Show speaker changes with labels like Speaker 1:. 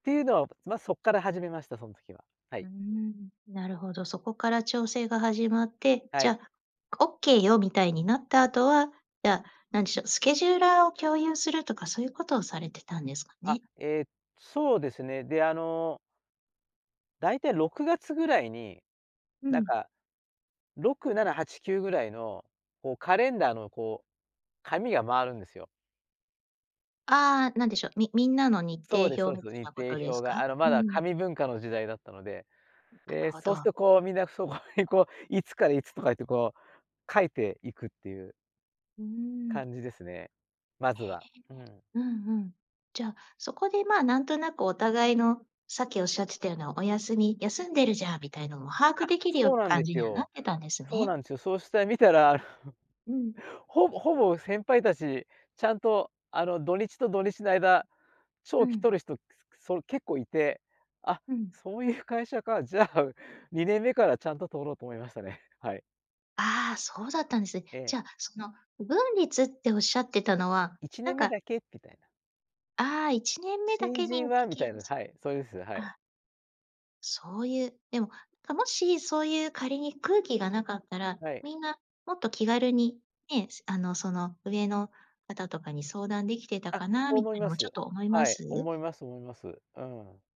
Speaker 1: っていうのは、たつま、そっから始めました、そん時は、は
Speaker 2: う
Speaker 1: い。
Speaker 2: ーん、なるほど、そこから調整が始まって、
Speaker 1: は
Speaker 2: じ
Speaker 1: い。
Speaker 2: ゃ、「オッケーよ」みたいになった後は、じゃあ、何でしょう、スケジューラーを共有するとかそういうことをされてたんですか
Speaker 1: あ、
Speaker 2: ね？
Speaker 1: え、そうですね、で、あのだいたい6月ぐらいに、
Speaker 2: う
Speaker 1: なん
Speaker 2: ん。
Speaker 1: か。6、7、8、9ぐらいの、こうカレンダーのこう、紙が回るんですよ。
Speaker 2: ああ、なんでしょう、みみんなの日
Speaker 1: そ
Speaker 2: 程
Speaker 1: うですそうで
Speaker 2: 表
Speaker 1: す、
Speaker 2: みたい
Speaker 1: 日
Speaker 2: なことで
Speaker 1: 程
Speaker 2: す
Speaker 1: 表が。
Speaker 2: か？
Speaker 1: あの、
Speaker 2: う
Speaker 1: まだ
Speaker 2: ん。
Speaker 1: 紙文化の時代だったので、
Speaker 2: うん、なる
Speaker 1: で、
Speaker 2: ほ
Speaker 1: そうする
Speaker 2: ど。
Speaker 1: とこうみんなそこにこう、いつからいつとか言ってこう書いていくっていう
Speaker 2: うーん。
Speaker 1: 感じですね、まずは。うん。
Speaker 2: ええ。うんうん。じゃあ、そこでまあなんとなくお互いの、さっきおっしゃってたようなお休み休んでるじゃんみたいなのも把握
Speaker 1: あ、
Speaker 2: できるよう
Speaker 1: そうなん
Speaker 2: 感
Speaker 1: で
Speaker 2: じ
Speaker 1: す
Speaker 2: にはなっ
Speaker 1: よ。
Speaker 2: てたんです
Speaker 1: そう
Speaker 2: ね。
Speaker 1: なんですよ。そうして見たら、
Speaker 2: うん。
Speaker 1: ほぼほぼ先輩たちちゃんとあの、土日と土日の間、
Speaker 2: う
Speaker 1: 長期
Speaker 2: ん。
Speaker 1: とる人、くすくすそれ結構いて、あ、
Speaker 2: うん。
Speaker 1: そういう会社か、じゃあ、う2年目からちゃんと取ろうと思いましたね、はい。
Speaker 2: ああ、そうだったんです、え、
Speaker 1: ええ。
Speaker 2: じゃあその不文律っておっしゃってたのは
Speaker 1: いちね
Speaker 2: なん
Speaker 1: んめ
Speaker 2: か
Speaker 1: だけきたいな。
Speaker 2: ああ、1年目だ
Speaker 1: 新
Speaker 2: け
Speaker 1: 人
Speaker 2: に
Speaker 1: は、み
Speaker 2: 適
Speaker 1: た
Speaker 2: 用
Speaker 1: いな、
Speaker 2: す
Speaker 1: はい、そうです、はい。
Speaker 2: あ。そういう、でも、か、もしそういう仮に空気がなかったら、
Speaker 1: はい。
Speaker 2: みんなもっと気軽に、ね、すあのその上の方とかに相談できてた
Speaker 1: あ、
Speaker 2: かな
Speaker 1: そう
Speaker 2: みた
Speaker 1: 思い
Speaker 2: いなの
Speaker 1: ま
Speaker 2: もち
Speaker 1: す。
Speaker 2: ょっと思いま
Speaker 1: はい、
Speaker 2: す？
Speaker 1: 思います思います。うん。